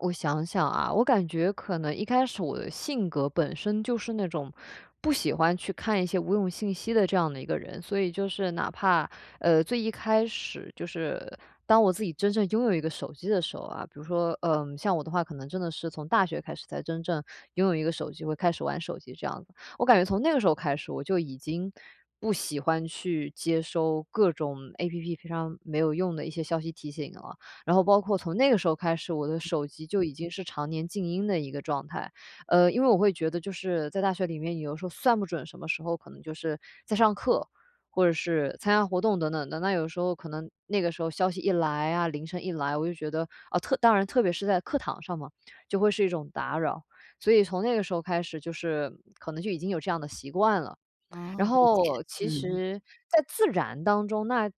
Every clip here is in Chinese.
我想想啊，我感觉可能一开始我的性格本身就是那种不喜欢去看一些无用信息的这样的一个人。所以就是哪怕，呃，最一开始就是当我自己真正拥有一个手机的时候啊，比如说，呃，像我的话，可能真的是从大学开始才真正拥有一个手机，会开始玩手机这样子。我感觉从那个时候开始，我就已经不喜欢去接收各种 App 平常没有用的一些消息提醒了，然后包括从那个时候开始，我手机就已经是常年静音的一个状态。呃，因为我会觉得就是在大学里面有的时候算不准什么时候可能就是在上课，或者是参加活动等等的。那有时候可能那个时候消息一来啊，铃声一来，我就觉得，啊，特当然特别是在课堂上嘛，就会是一种打扰，所以从那个时候开始，就是可能就已经有这样的习惯了。哦，然理解，后其嗯。实在自然当中，那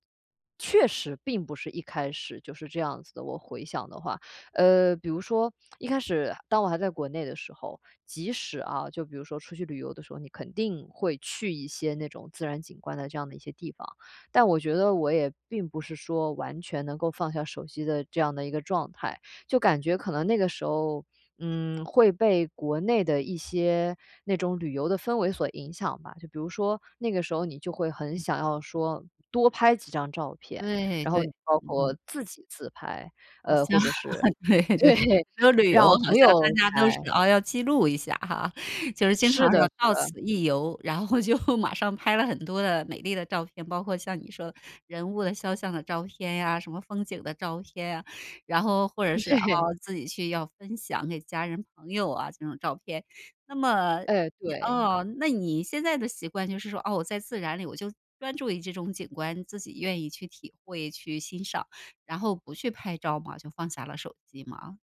确实并不是一开始就是这样子的，我回想的话。呃，比如说一开始当我还在国内的时候，即使啊，就比如说出去旅游的时候，你肯定会去一些那种自然景观的这样的一些地方，但我觉得我也并不是说完全能够放下手机的这样的一个状态。就感觉可能那个时候，嗯，会被国内的一些那种旅游的氛围所影响吧。就比如说那个时候你就会很嗯。想要说多拍几张照片，对然后对，包括嗯。自己自拍，好呃，像或者是，对对，对，说旅游让好朋像大友家都是拍。啊，要记录一下哈，就是经常是的说是“到的。此一游”，然后就马上拍了很多的美丽的照片，包括像你说的，人物肖像的照片呀，什么风景的照片呀，然后或者是，啊，对。自己去要分享给家人、朋友啊，这种照片。那么，诶，你对。嗯，那你现在的习惯就是说：“哦，我在自然里，我就专注于这种景观，自己愿意去体会、去欣赏”，然后不去拍照嘛？就放下了手机吗？